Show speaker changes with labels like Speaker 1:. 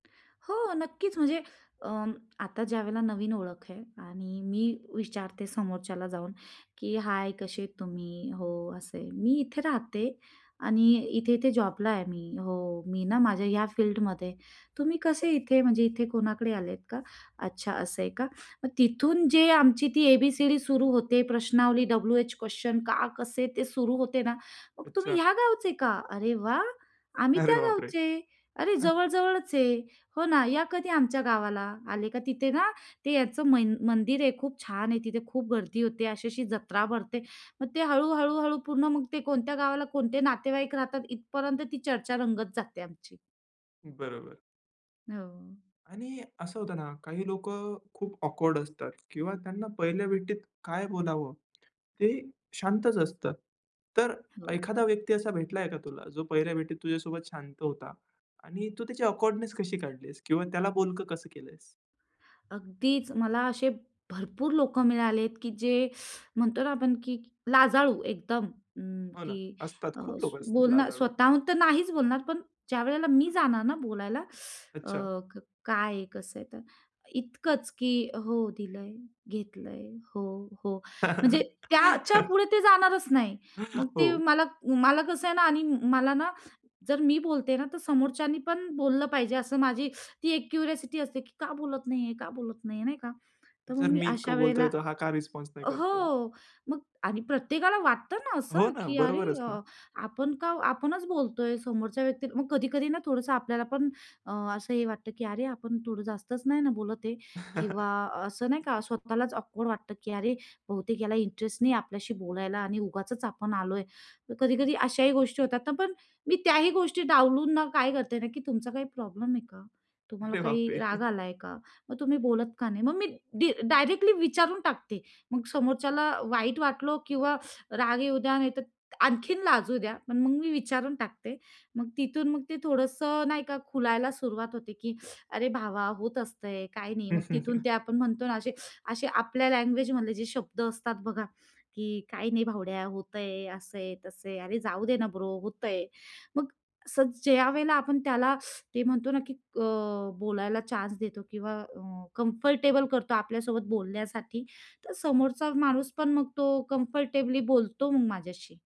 Speaker 1: हो, नक्कीच म्हणजे अ, आता ज्यावेळेला नवीन ओळख आहे आणि मी विचारते समोरच्याला जाऊन की "हाय! कसे आहेत तुम्ही? हो, असे आहे. मी इथे राहते आणि इथे-इथे जॉबला आहे मी. हो, मी ना माझ्या ह्या फिल्डमध्ये. तुम्ही कसे इथे? म्हणजे इथे कोणाकडे आलेत का? अच्छा असं आहे का?" मग तिथून जे आमची ती ए-बी-सी-डी सुरू होते, प्रश्नावली डब्लू-एच क्वेश्चन, का? कसे? ते सुरू होते ना. मग, "तुम्ही
Speaker 2: अच्छा.
Speaker 1: ह्या गावचे का? अरे वाह! आम्ही
Speaker 2: अरे
Speaker 1: त्या
Speaker 2: बापरे!
Speaker 1: गावचे. अरे
Speaker 2: अ,
Speaker 1: जवळ-जवळच आहे. हो ना, या कधी आमच्या गावाला. आले का तिथे ना ते याचं मन मंदिर आहे खूप छान आहे तिथे, खूप गर्दी होते, अशी-अशी जत्रा भरते." मग ते हळू-हळू-हळू पूर्ण मग ते कोणत्या गावाला कोणते नातेवाईक राहतात इथपर्यंत ती चर्चा रंगत जाते आमची.
Speaker 2: बरोबर.
Speaker 1: हो.
Speaker 2: आणि असं होतं ना, काही लोकं खूप ऑकवर्ड असतात किंवा त्यांना पहिल्या भेटीत काय बोलावं ते शांतच असतात. तर
Speaker 1: हो.
Speaker 2: एखादा व्यक्ती असा भेटलाय का तुला, जो पहिल्या भेटीत तुझ्यासोबत शांत होता आणि तू त्याची ऑकवर्डनेस कशी काढलीस? किंवा त्याला बोलकं कसं केलं आहेस?
Speaker 1: अगदीच, मला असे भरपूर लोकं मिळाले आहेत की जे म्हणतो ना आपण की लाजाळू, एकदम अ,
Speaker 2: हो ना,
Speaker 1: की
Speaker 2: असतात.
Speaker 1: अ,
Speaker 2: खूप
Speaker 1: स
Speaker 2: लोकं असतात
Speaker 1: बोलणार
Speaker 2: लाजाळू.
Speaker 1: स्वतःहून तर नाहीच बोलणार पण ज्यावेळेला मी जाणार ना बोलायला,
Speaker 2: अच्छा.
Speaker 1: अ, क काय आहे? कसं आहे? तर इतकंच की "हो दिलंय, घेतलंय, हो, हो," म्हणजे त्याच्यापुढे ते जाणारच नाही. मग ते
Speaker 2: हो.
Speaker 1: मला, मला कसं आहे ना आणि मला ना, जर मी बोलते ना, तर समोरच्यानी पण बोललं पाहिजे असं माझी ती एक क्युरिओसिटी असते की "का बोलत नाही आहे? का बोलत नाही आहे?" नाही का? तर मग
Speaker 2: जर
Speaker 1: मी
Speaker 2: मी
Speaker 1: अशा
Speaker 2: इतकं
Speaker 1: वेळेला
Speaker 2: बोलतोय, तर हा काय रिस्पॉन्स नाही
Speaker 1: हो,
Speaker 2: करतोय?
Speaker 1: मग आणि प्रत्येकाला वाटतं ना, असं
Speaker 2: हो ना,
Speaker 1: की अरे
Speaker 2: बरोबरच ना.
Speaker 1: आपण का आपणच बोलतोय समोरच्या व्यक्ती मग कधी-कधी ना थोडंसं आपल्याला पण अ, असं हे वाटतं की "अरे आपण थोडं जास्तच नाही ना बोलत आहे?" किंवा असं नाही का स्वतःलाच ऑकवर्ड वाटतं की "अरे बहुतेक ह्याला इंटरेस्ट नाही आपल्याशी बोलायला आणि उगाचच आपण आलोय." तर कधी-कधी अशाही गोष्टी होतात ना पण मी त्याही गोष्टी डावलून ना काय करते ना की "तुमचा काही प्रॉब्लेम आहे का? तुम्हाला
Speaker 2: अरे
Speaker 1: काही राग
Speaker 2: बापरे!
Speaker 1: आला आहे का? मग तुम्ही बोलत का नाही?" मग मी डी डायरेक्टली विचारून टाकते. मग समोरच्याला वाईट वाटलं किंवा राग येऊ द्या, नाहीतर आणखीन लाजू द्या पण मग मी विचारून टाकते. मग तिथून मग ते थोडंसं नाही का खुलायला सुरुवात होते की "अरे भावा, होत असतंय काही नाही." मग तिथून ते आपण म्हणतो ना, असे असे, आपल्या लँग्वेजमधले जे शब्द असतात बघा, की "काही नाही भावड्या होतंय. असं आहे, तसं आहे. अरे जाऊ दे ना ब्रो होतंय." मग अस ज्यावेळेला आपण त्याला ते म्हणतो ना की अ, बोलायला चान्स देतो किंवा अ, कम्फर्टेबल करतो आपल्यासोबत बोलण्यासाठी, तर समोरचा माणूस पण मग तो कम्फर्टेबली बोलतो मग माझ्याशी.